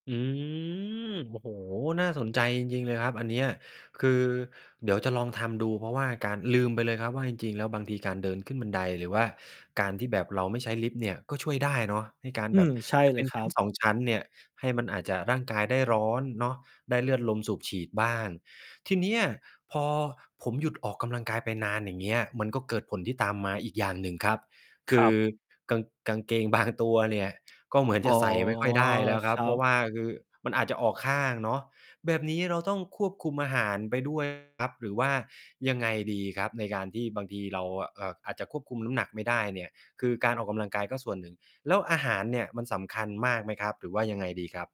อืม โอ้โฮ! น่าสนใจจริง ๆ เลยครับอันเนี้ย คือ เดี๋ยวจะลองทำดู เพราะว่าการ ลืมไปเลยครับว่า จริง ๆ แล้ว บางทีการเดินขึ้นบันได หรือว่าการที่แบบเราไม่ใช้ลิฟต์เนี่ย ก็ช่วยได้เนาะ ให้การอืแบม บ ใช่อาจจะ เลเป็ยน คชรัั้นบ สอง ชั้นเนี่ย ให้มันอาจจะ ร่างกายได้ร้อนเนาะ ได้เลือดลมสูบฉีดบ้าง ทีเนี้ยพอผมหยุดออกกำลังกายไปนาน อย่างเงี้ย มันก็เกิดผลที่ตามมาอีกอย่างหนึ่งครับ คครืัอบ กาง กางเกง บาง ตัวเนี่ยก็เหมือนอ๋จอ ะใส่ไม่ค่อยได้แล้วคครับ รัเพราะบ ว่าคือมันอาจจะออกข้างเนาะ แบบนี้เราต้องควบคุมอาหารไป ด้วย ครับหรือว่ายังไงดีครับ ในการที่บางทีเรา อ เอ่อ อาจจะควบคุมน้ำหนักไม่ได้เนี่ย คือการออกกำลังกายก็ส่วนหนึ่ง แล้วอาหารเนี่ยมันสำคัญมากไหมครับ? หรือว่ายังไงดีครับ?